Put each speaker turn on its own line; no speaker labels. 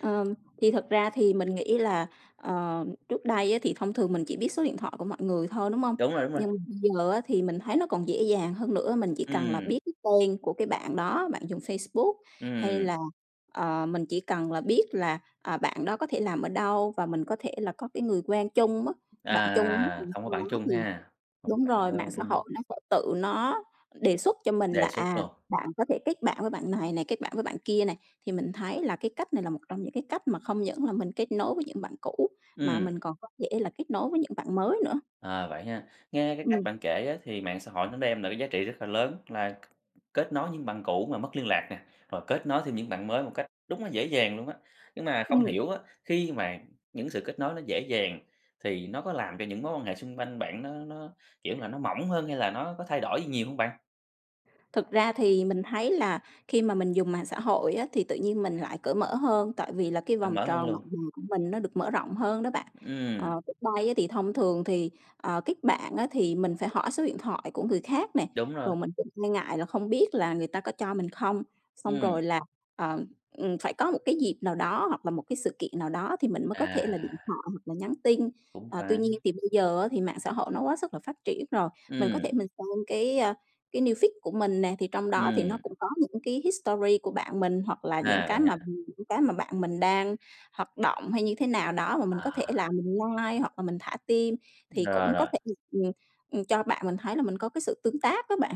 Ờ, thì thật ra thì mình nghĩ là, ờ, trước đây á, thì thông thường mình chỉ biết số điện thoại của mọi người thôi, đúng hông?
Đúng rồi, đúng rồi.
Nhưng giờ á, thì mình thấy nó còn dễ dàng hơn nữa, mình chỉ cần là
Ừm.
biết cái tên của cái bạn đó, bạn dùng Facebook hay
Ừm.
là, ờ, mình chỉ cần là biết là, à, bạn đó có thể làm ở đâu và mình có thể là có cái người quen chung mất bạn chung
À,
rồi
hông có
sau
bạn
đó
chung
thì
ha? Hông
đúng
bạn
rồi, mạng
chung,
xã
ừm.
hội nó sẽ tự nó đề xuất cho mình là,
Đề xuất
à,
luôn.
bạn có thể kết bạn với bạn này này, kết bạn với bạn kia này, thì mình thấy là cái cách này là một trong những cái cách mà không những là mình kết nối với những bạn cũ mà
Ừm.
mình còn có thể là kết nối với những bạn mới nữa.
À, vậy ha, nghe cái cách
Ừm.
bạn á, kể thì mạng xã hội nó đem cái giá trị rất là lớn, là k kết nối với những bạn cũ mà mất liên lạc, rồi kết nối thêm những bạn mới một cách đúng là dễ dàng luôn á. Nhưng mà không
Ừm.
hiểu, khi mà những sự kết nối nó dễ dàng thì nó có làm cho những mối quan hệ xung quanh bạn nó nó, kiểu là, nó mỏng hơn hay là nó có thay đổi gì nhiều hông bạn?
Thực ra thì mình thấy là khi mà mình dùng mạng xã hội á, thì tự nhiên mình lại cởi mở hơn, tại vì là cái
A,
vòng
mở hơn
tròn bạn
luôn.
bè của mình nó được mở rộng hơn đó bạn.
Ừm.
Ờ, trước đây á thì thông thường thì, ờ, kết bạn á thì mình phải hỏi số điện thoại của người khác nè,
Đúng rồi.
rồi mình cũng e ngại là không biết là người ta có cho mình không, xong
Ừm.
rồi là, ờ, ừm, phải có một cái dịp nào đó hoặc là một cái sự kiện nào đó thì mình mới có
À.
thể là điện thoại hoặc là nhắn tin.
Cũng
Ờ, tuy
phải.
nhiên thì bây giờ á, thì mạng xã hội nó quá sức là phát triển rồi, mình có thể
Ừm.
mình xem cái, a, cái news feed của mình nè, thì trong đó thì nó
Ừm.
cũng có những cái history của bạn mình hoặc là những
À, vậy
cái mà
ha.
mình những cái mà bạn mình đang hoạt động hay như thế nào đó mà mình
À.
có thể là mình like hoặc là mình thả tim thì
Rồi,
cũng có
rồi.
thể, ừm, ừm, ừm, cho bạn mình thấy là mình có cái sự tương tác á bạn.